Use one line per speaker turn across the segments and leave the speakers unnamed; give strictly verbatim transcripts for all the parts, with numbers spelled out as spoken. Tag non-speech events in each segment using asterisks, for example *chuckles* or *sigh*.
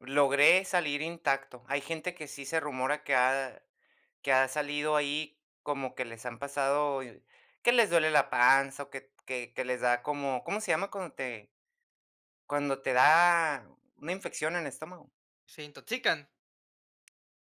Logré salir intacto. Hay gente que sí se rumora que ha que ha salido ahí, como que les han pasado que les duele la panza, o, que que que les da como, ¿cómo se llama cuando te cuando te da una infección en el estómago?
¿Se intoxican?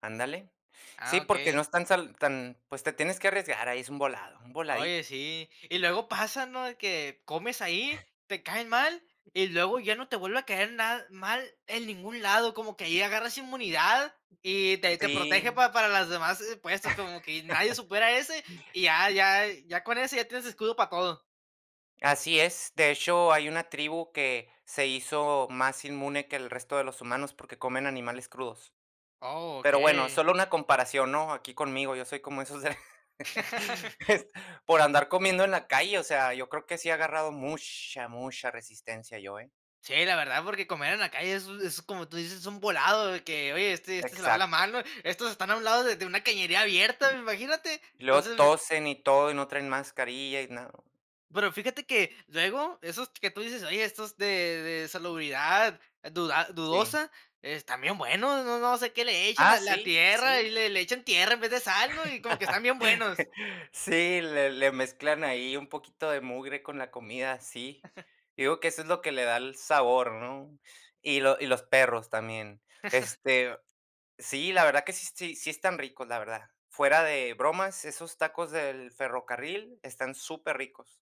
Ándale.
Ah,
Sí, porque no
okey.
es tan sal tan pues, te tienes que arriesgar, ahí es un volado, un
Oye,
voladito.
sí. Y luego pasa, ¿no? De que comes ahí, te caen mal, y luego ya no te vuelve a caer nada mal en ningún lado. Como que ahí agarras inmunidad, y te te protege
Sí.
para las demás puestos, como que nadie supera ese, y
*chuckles*
ya ya ya con ese ya tienes escudo pa todo.
Así es. De hecho, hay una tribu que se hizo más inmune que el resto de los humanos, porque comen animales crudos.
Oh,
Pero, bueno,
okey.
solo una comparación, ¿no? Aquí conmigo, yo soy como esos de
*laughs*
*laughs* por andar comiendo en la calle, o sea, yo creo que sí he agarrado mucha, mucha resistencia yo, eh.
Sí, la verdad, porque comer en la calle, es es como tú dices, es un volado de que: "Oye, este este se le va la
Exacto.
mano", estos están a un lado de de una cañería abierta, imagínate.
Y luego
Entonces
tosen y todo, y no traen mascarilla, y nada.
Pero fíjate que luego esos que tú dices, oye, estos de de salubridad duda
Sí.
dudosa están bien buenos, no no sé qué le echen a
Ah,
la
sí,
tierra, y
sí.
le le echan tierra en vez de sal, ¿no? Y como que están bien buenos.
*laughs* Sí, le le mezclan ahí un poquito de mugre con la comida, sí.
*chuckles*
Yo digo que eso es lo que le da el sabor, ¿no? Y lo y los perros, también.
*chuckles*
Este sí, la verdad que sí, sí sí están ricos, la verdad. Fuera de bromas, esos tacos del ferrocarril están superricos.